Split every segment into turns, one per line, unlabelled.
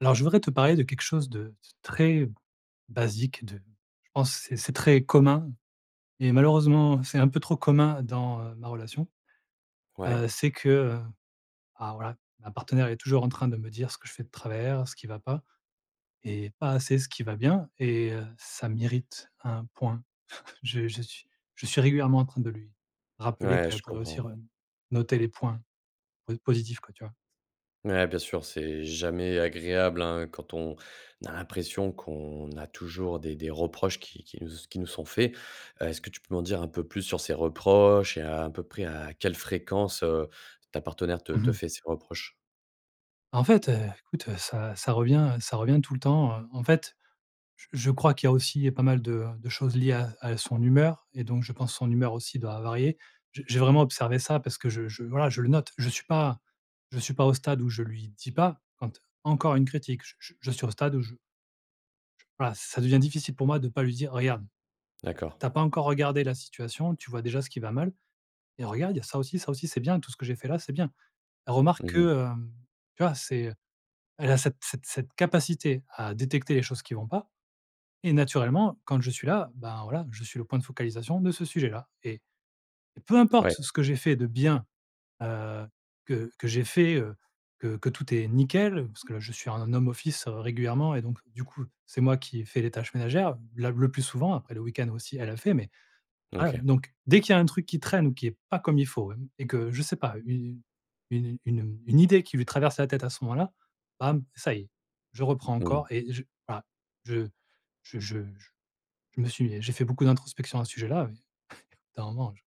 Alors je voudrais te parler de quelque chose de de très basique de je pense c'est c'est très commun et malheureusement c'est un peu trop commun dans, heu, ma relation,
Ouais.
heu, c'est que, heu alors voilà, ma partenaire est toujours en train de me dire ce que je fais de travers, ce qui va pas, et pas assez ce qui va bien et, heu, ça mérite un point. Je je suis je suis régulièrement en train de lui rappeler
Ouais,
qu'elle
je
pourrait aussi
comprends.
re noter les points po positifs, quoi, tu vois?
Ouais bien sûr, c'est jamais agréable, hein, quand on a l'impression qu'on a toujours des des reproches qui qui nous s qui nous sont faits. Heu, est-ce que tu peux m'en dire un peu plus sur ces reproches, et à peu près à quelle fréquence, heu, ta partenaire te
Mmh
te
mh.
fait ces reproches?
Bah en fait, heu, écoute, heu, ça ça revient, heu, ça revient tout le temps, heu. En fait, je je crois qu'il y a aussi, heu, pas mal de, heu, de choses liées à à son humeur et donc je pense son humeur aussi doit varier. J'ai j'ai vraiment observé ça parce que je je voilà, je le note. Je suis pas je suis pas au stade où je lui dis pas: «Ent encore une critique», je je je suis au stade où je je voilà ça devient difficile pour moi de pas lui dire: «Regarde.
D'accord.
T'as pas encore regardé la situation, tu vois déjà ce qui va mal et regarde, il y a ça aussi. Ça aussi, c'est bien tout ce que j'ai fait là, c'est bien». Elle remarque
Mmh mh.
que, hem, tu vois? C'est, heu, elle a cette cette cette capacité à détecter les choses qui vont pas, et naturellement quand je suis là, ben, voilà je suis le point de focalisation de ce sujet-là. Et et peu importe
Ouais.
ce ce que j'ai fait de bien, heu, que que j'ai fait, heu, que que tout est nickel parce que là je suis en home office, heu, régulièrement et donc du coup c'est moi qui ai fait les tâches ménagères, la le plus souvent après le week-end aussi elle, elle fait, mais voilà.
OK.
Donc dès qu'il y a un truc qui traîne ou qui est pas comme il faut et et que, je sais pas, une une une, heu, une idée qui lui traverse la tête à ce moment-là, bam, ça y est, je reprends
Mmh mh.
encore et je voilà. Je je je je je me suis j'ai fait beaucoup d'introspection à ce sujet-là, mais au bout d'un moment je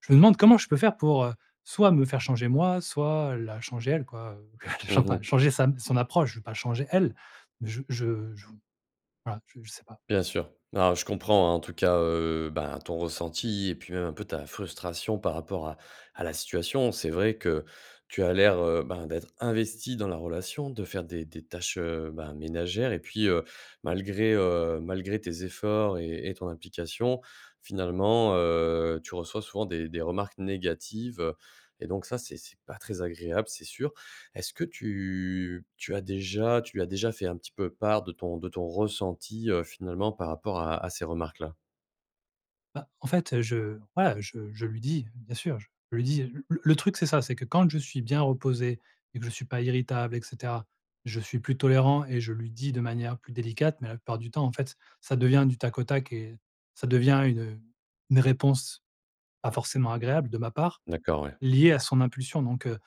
je me demande comment je peux faire pour, heu, soit me faire changer moi, soit, heu, la changer elle, quoi, heu, chan
Mmh
pas
mh.
changer sa m son approche, je vais pas changer elle. Mais je je je voilà je je sais pas.
Bien sûr. Alors, je comprends, hein, en tout cas, heu, bah, ton ressenti et puis même un peu ta frustration par rapport à à la situation. C'est vrai que tu as l'air, heu, bah, d'être investi dans la relation, de faire des des tâches, heu, bah, ménagères. Et puis, heu, malgré heu, malgré tes efforts et et ton implication, finalement, heu, tu reçois souvent des des remarques négatives. Et donc ça, c'est c'est pas très agréable, c'est sûr. Est-ce que tu tu as déjà tu as déjà fait un petit peu part de ton de ton ressenti, heu, finalement par rapport à à ces remarques-là?
Bah en fait, heu, je voilà je je lui dis, bien sûr, je lui dis, heu. Le le truc c'est ça, c'est que quand je suis bien reposé et que je suis pas irritable et cetera, je suis plus tolérant et je lui dis de manière plus délicate, mais la plupart du temps en fait ç ça devient du tac au tac et ça devient une, heu, une réponse, pas forcément agréable de ma part,
D'accord ouais.
liée à son impulsion. Donc, heu,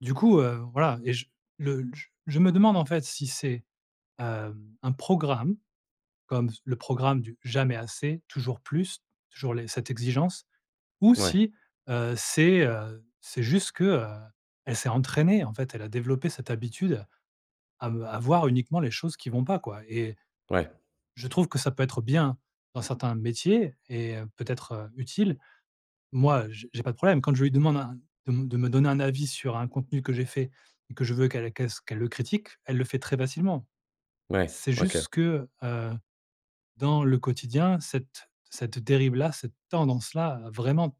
du coup, heu, voilà, et je le j je me demande en fait si c'est, hem, un programme comme s le programme du «jamais assez, toujours plus, toujours les cette exigence» ou
Ouais.
si, heu, c'est, heu, c'est juste que, heu, elle s'est entraînée, en fait, elle a développé cette habitude à me à voir uniquement les choses qui vont pas, quoi, et
Ouais.
je trouve que ça peut être bien dans certains métiers et, heu, peut-être, heu, utile. Moi j j'ai pas de problème quand je lui demande un de me de me donner un avis sur un contenu que j'ai fait que je veux qu'elle qu'elle s qu'elle le critique, elle le fait très facilement.
Ouais.
C'est
OK.
juste que, heu, dans le quotidien cette cette dérive-là, cette tendance-là, heu, vraiment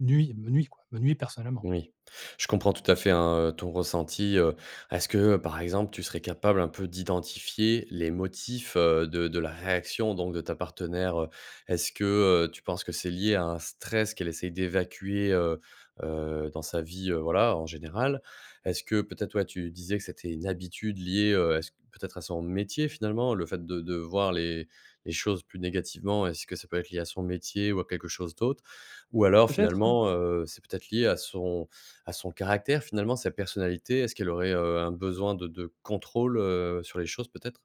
nuit, me nuit, quoi, me nuit personnellement.
Oui. Je comprends tout à fait, hein, heu, ton ressenti, heu. Est-ce que, heu, par exemple, tu serais capable un peu d'identifier les motifs, heu, de de la réaction donc de ta partenaire, heu? Est-ce que, heu, tu penses que c'est lié à un stress qu'elle essaie d'évacuer, heu, heu dans sa vie, heu, voilà, en général? Est-ce que peut-être, ouais, tu disais que c'était une habitude liée, heu, à son peut-être à son métier, finalement? Le fait de de voir les les choses plus négativement. Est-ce que ça peut être lié à son métier ou à quelque chose d'autre? Ou alors
Peut-être, hein.
finalement, heu, c'est peut-être lié à son à son caractère, finalement, sa personnalité, est-ce qu'elle aurait, heu, un besoin de de contrôle, heu, sur les choses peut-être?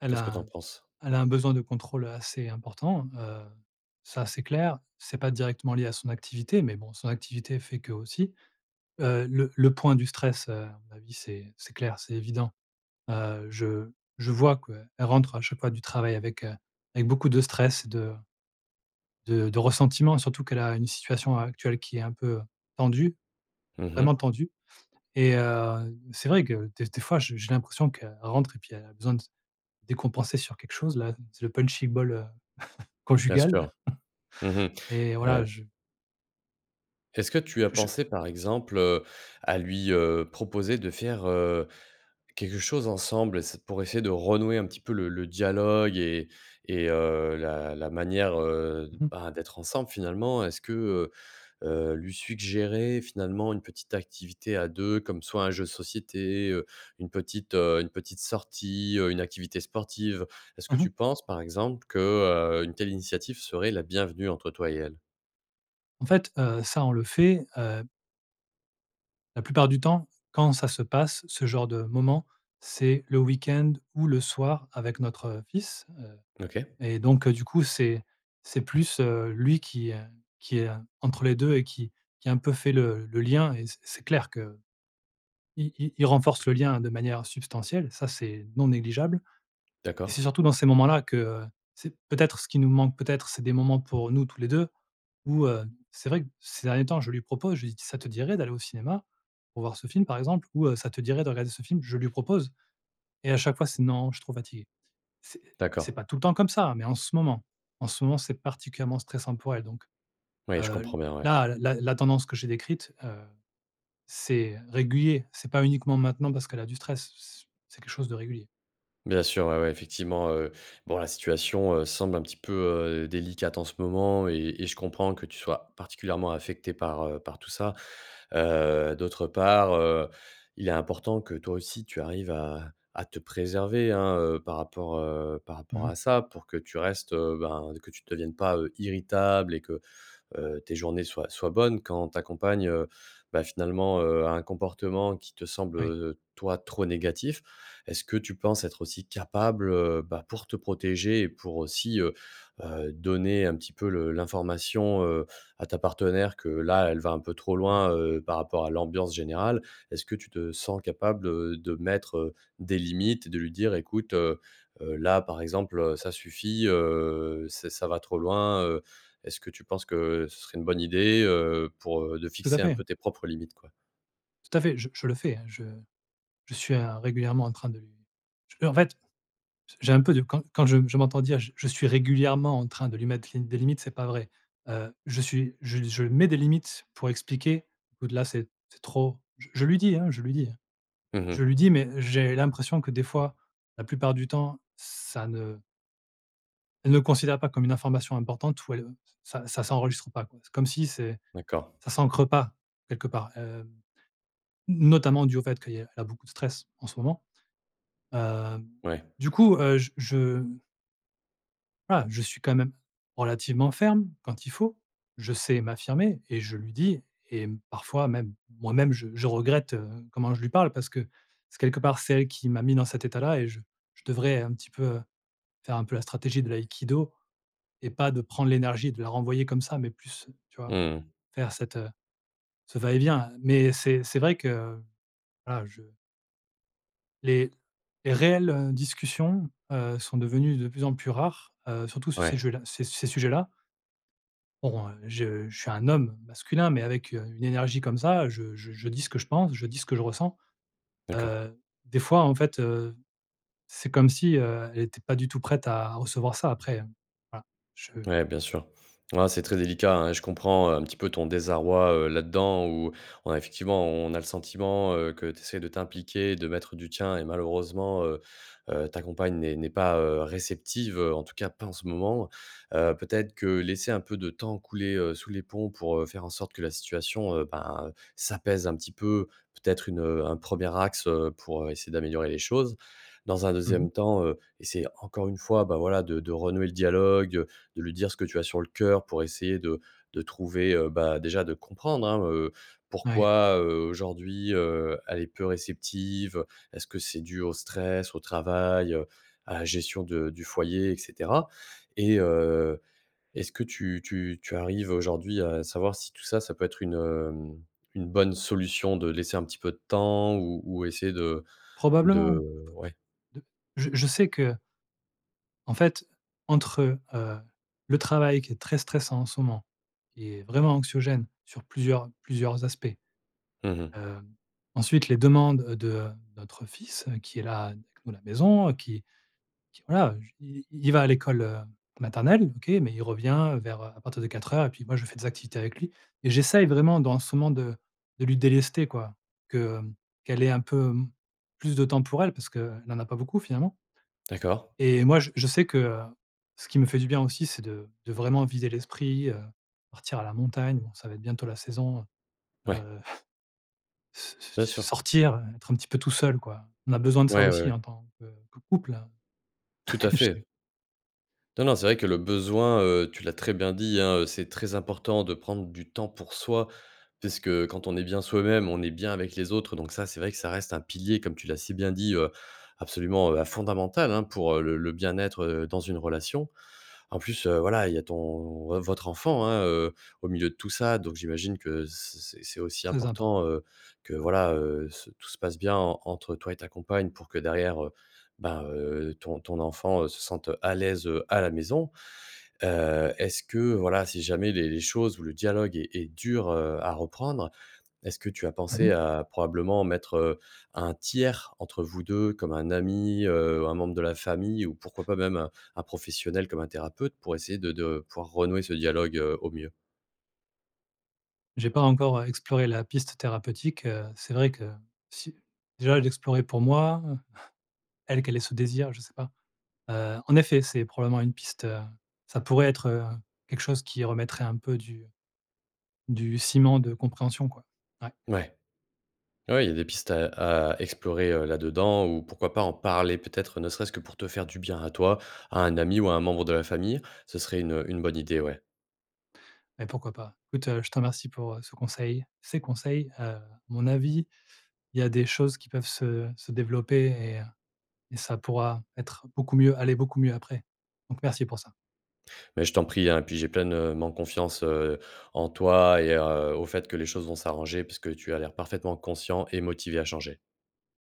Elle
Qu'est-ce que t'en
a
penses?
elle a un besoin de contrôle, heu, assez important, heu, ça, c'est clair, c'est pas directement lié à son activité mais bon son activité fait que aussi. Heu, le le point du stress, heu, à mon avis c'est c'est clair, c'est évident. Heu, je je vois quoi, elle rentre à chaque fois du travail avec, heu, avec beaucoup de stress, de de de ressentiment surtout qu'elle a une situation a actuelle qui est un peu, heu, tendue,
Mmh mh.
vraiment tendue et heu, c'est vrai que des des fois j j'ai l'impression qu'elle rentre et puis elle a besoin de décompenser sur quelque chose. Là, c'est le punching ball, heu,
Bien
conjugal
sûr. Mmh mh,
et voilà
heu
je
est-ce que tu as
je
pensé, par exemple, heu, à lui, heu, proposer de faire, heu, quelque chose ensemble? C'est pour essayer de renouer un petit peu le le dialogue et et et heu, la la manière, heu,
Mmh mh.
bah, d'être ensemble finalement, est-ce que, heu, heu, lui suggérer finalement une petite activité à 2 comme soit un jeu de société, heu, une petite, heu, une petite sortie, heu, une activité sportive, est-ce que
Mmh
tu
mh.
penses, par exemple, que, heu, une telle initiative serait la bienvenue entre toi et elle?
En fait, heu, ça on le fait, heu la plupart du temps, quand ça se passe, ce genre de moment, c'est le week-end ou le soir avec notre fils. Heu,
OK.
et donc, heu, du coup c'est c'est plus, heu, lui qui, heu, qui est, entre les 2 et qui qui un peu fait le le lien et c c'est clair que i i il renforce le lien de manière substantielle ça c'est non négligeable et c'est
D'accord.
surtout dans ces moments-là que, heu, c'est peut-être ce qui nous manque peut-être c'est des moments pour nous tous les 2 ou, heu, c'est vrai que ces derniers temps je lui propose, je lui dis: «Ça te dirait d'aller au cinéma pour voir ce film par exemple?» ou, heu: «Ça te dirait de regarder ce film?» je lui propose et à chaque fois c'est: «Non, je suis trop fatiguée.» C'est c'est
D'accord.
pas tout le temps comme ça, hein, mais en ce moment, en ce moment c'est particulièrement stressant pour elle donc,
Oui, je
heu,
comprends bien. Ouais.
là, la la tendance que j'ai décrite, heu, c'est régulier, c'est pas uniquement maintenant parce qu'elle a du stress c c'est quelque chose de régulier.
Bien sûr, ouais ouais, effectivement, heu, bon, la situation, heu, semble un petit peu, heu, délicate en ce moment et et je comprends que tu sois particulièrement affecté par, heu, par tout ça. Heu, d'autre part, heu, il est important que toi aussi tu arrives à à te préserver, hein, heu, par rapport, heu, par
Mmh
rapport
mh.
à ça pour que tu restes, heu ben, que tu deviennes pas, heu, irritable et que, heu, tes journées soient soient bonnes. Quand ta compagne, heu, bah, finalement, heu, a un comportement qui te semble,
Oui.
heu, heu, toi, trop négatif. Est-ce que tu penses être aussi capable, heu, bah, pour te protéger et pour aussi, heu, heu, donner un petit peu le l'information, heu, à ta partenaire que là, elle va un peu trop
Mmh.
loin, heu, par rapport à l'ambiance générale. Est-ce que tu te sens capable, heu, de mettre, heu, des limites et de lui dire: «Écoute, heu, heu, là, par exemple, heu, ça suffit, heu, ç ça va trop loin.» heu, est-ce que tu penses que ce serait une bonne idée, heu, pour, heu de
Tout à
fixer un
fait.
peu tes propres limites, quoi?
Tout à fait, j je le fais hein, je je suis, heu, régulièrement en train de lui je peux en fait j'ai un peu de quand quand je m'entends dire j je suis régulièrement en train de lui mettre les des limites c'est pas vrai. Heu, je suis je je mets des limites pour expliquer au-delà c'est c'est trop. J je lui dis, hein, je lui dis.
Mmh
Je
mh.
lui dis mais j'ai l'impression que des fois, la plupart du temps, ça ne elle ne considère pas comme une information importante ou elle, heu, ça ça s'enregistre pas quoi. C'est comme si c'est
D'accord.
ça s'ancre pas quelque part, heu, n notamment dû au fait qu'il y a elle a beaucoup de stress en ce moment, heu,
Ouais.
du coup, heu, j je mmh voilà, je suis quand même relativement ferme, quand il faut. Je sais m'affirmer et je lui dis et parfois même, moi-même je je regrette, heu, comment je lui parle parce que c'est quelque part c'est elle qui m'a mis dans cet état-là et je je devrais un petit peu, heu, faire un peu la stratégie de l'Aïkido et pas de prendre l'énergie et de la renvoyer comme ça mais plus tu vois?
Mmh mh.
Faire cette, heu, ce va-et-vient mais c'est c'est vrai que voilà je Les les réelles, heu, discussions, heu, sont devenues de plus en plus rares, heu, surtout sur ces
Ouais.
jeux là ces ces sujets-là. Bon, heu, je je suis un homme masculin mais avec, heu, une énergie comme ça, je je dis ce que je pense je dis ce que je ressens,
D'accord.
heu, des fois, en fait, heu, c'est comme si, heu, elle était pas du tout prête à recevoir ça après, heu, voilà, je
Ouais, bien sûr. Ah, c'est très délicat, hein. Et je comprends, heu, un petit peu ton désarroi, heu, là-dedans où, on a effectivement, on a le sentiment, heu, que tu essaies de t'impliquer, de mettre du tien et malheureusement, heu, heu, ta compagne n'est n'est pas, heu, réceptive, en tout cas pas en ce moment, heu, peut-être que laisser un peu de temps couler, heu, sous les ponts pour, heu, faire en sorte que la situation, heu, ben, heu, s'apaise un petit peu. Peut-être une un 1er axe, heu, pour, heu, essayer d'améliorer les choses. Dans un
Mmh mh.
2e temps, heu, essayer, encore une fois, ben voilà de de renouer le dialogue, de lui dire ce que tu as sur le cœur, pour essayer de de trouver, heu, bah, déjà de comprendre, hein, heu,
Ouais.
pourquoi, heu, aujourd'hui, heu, elle est peu réceptive, heu, est-ce que c'est dû au stress, au travail, heu, à la gestion de du foyer, et cetera? Et heu, est-ce que tu tu tu arrives aujourd'hui à savoir si tout ça, ça peut être une, hem, une bonne solution de laisser un petit peu de temps ou ou essayer de de
Probablement. P p
ouais.
d je je sais que en fait entre, heu, le travail qui est très stressant, en ce moment et vraiment anxiogène, sur plusieurs plusieurs aspects,
Mmh mh.
heu, ensuite, les demandes, heu, de notre fils qui est là avec nous, à la maison, qui qui voilà, j i il va à l'école, heu, maternelle OK. Mais il revient vers, heu à partir de 4:00 et puis moi je fais des activités avec lui et j'essaye, vraiment, dans ce moment de de lui délester quoi, que qu'elle ait un peu m plus de temps pour elle, parce qu'elle n'en a pas beaucoup finalement
D'accord.
et moi je je sais que, heu, ce qui me fait du bien aussi c'est de de vraiment vider l'esprit, heu, partir à la montagne. Bon, ça va être bientôt la saison,
Ouais.
heu, s s
Bien sûr.
sortir, être un petit peu tout seul quoi. On a besoin de ça
Ouais, ouais,
aussi,
ouais.
en tant, que que couple.
Tout à
Je
fait. Non, non. C'est vrai que le besoin, heu, tu l'as très bien dit, hein, heu, c'est très important de prendre du temps pour soi. Puisque quand on est bien soi-même, on est bien avec les autres. Donc ça, c'est vrai que ça reste un pilier, comme tu l'as si bien dit, heu, absolument, heu, hein, fondamental, hein, pour le le bien-être, heu, dans une relation. En plus, heu, voilà, il y a ton vo votre enfant, hein, heu, au milieu de tout ça. Donc, j'imagine que c c'est c'est aussi
Très important.
important, heu, que
Ouais.
voilà, heu, c tout se passe bien, en entre toi et ta compagne pour que derrière, heu, ben, heu, ton ton enfant, heu, se sente à l'aise, heu, à la maison, heu, est-ce que voilà, si jamais les les choses ou le dialogue est est dur, heu, à reprendre, est-ce que tu as
Mmh
pensé
mh.
à probablement mettre, heu, un tiers entre vous 2, comme un ami, heu, un membre de la famille ou pourquoi pas même un un professionnel, comme un thérapeute, pour essayer de de pouvoir renouer ce dialogue, heu, au mieux?
J'ai pas encore, heu, exploré la piste thérapeutique, heu, c'est vrai que si déjà l'explorer pour moi, elle, qu'elle ait ce désir, je sais pas, heu, en effet, c'est probablement une piste, heu, ça pourrait être, heu, quelque chose qui remettrait un peu du du ciment de compréhension, quoi. Ouais.
Ouais. Ouais, il y a des pistes à à explorer, heu, là-dedans ou pourquoi pas en parler, peut-être ne serait-ce que pour te faire du bien à toi, à un ami ou à un membre de la famille? Ce serait une une bonne idée, ouais.
Mais pourquoi pas. Écoute, je te remercie pour, heu, ce conseil, ces conseils, heu, mon avis, il y a des choses qui peuvent se se développer et heu et ça pourra être beaucoup mieux aller beaucoup mieux après. Donc merci pour ça.
Ben, je t'en prie, hein. Et puis, j'ai pleinement confiance, heu, en toi et, heu, au fait que les choses vont s'arranger, puisque tu as l'air parfaitement conscient et motivé à changer.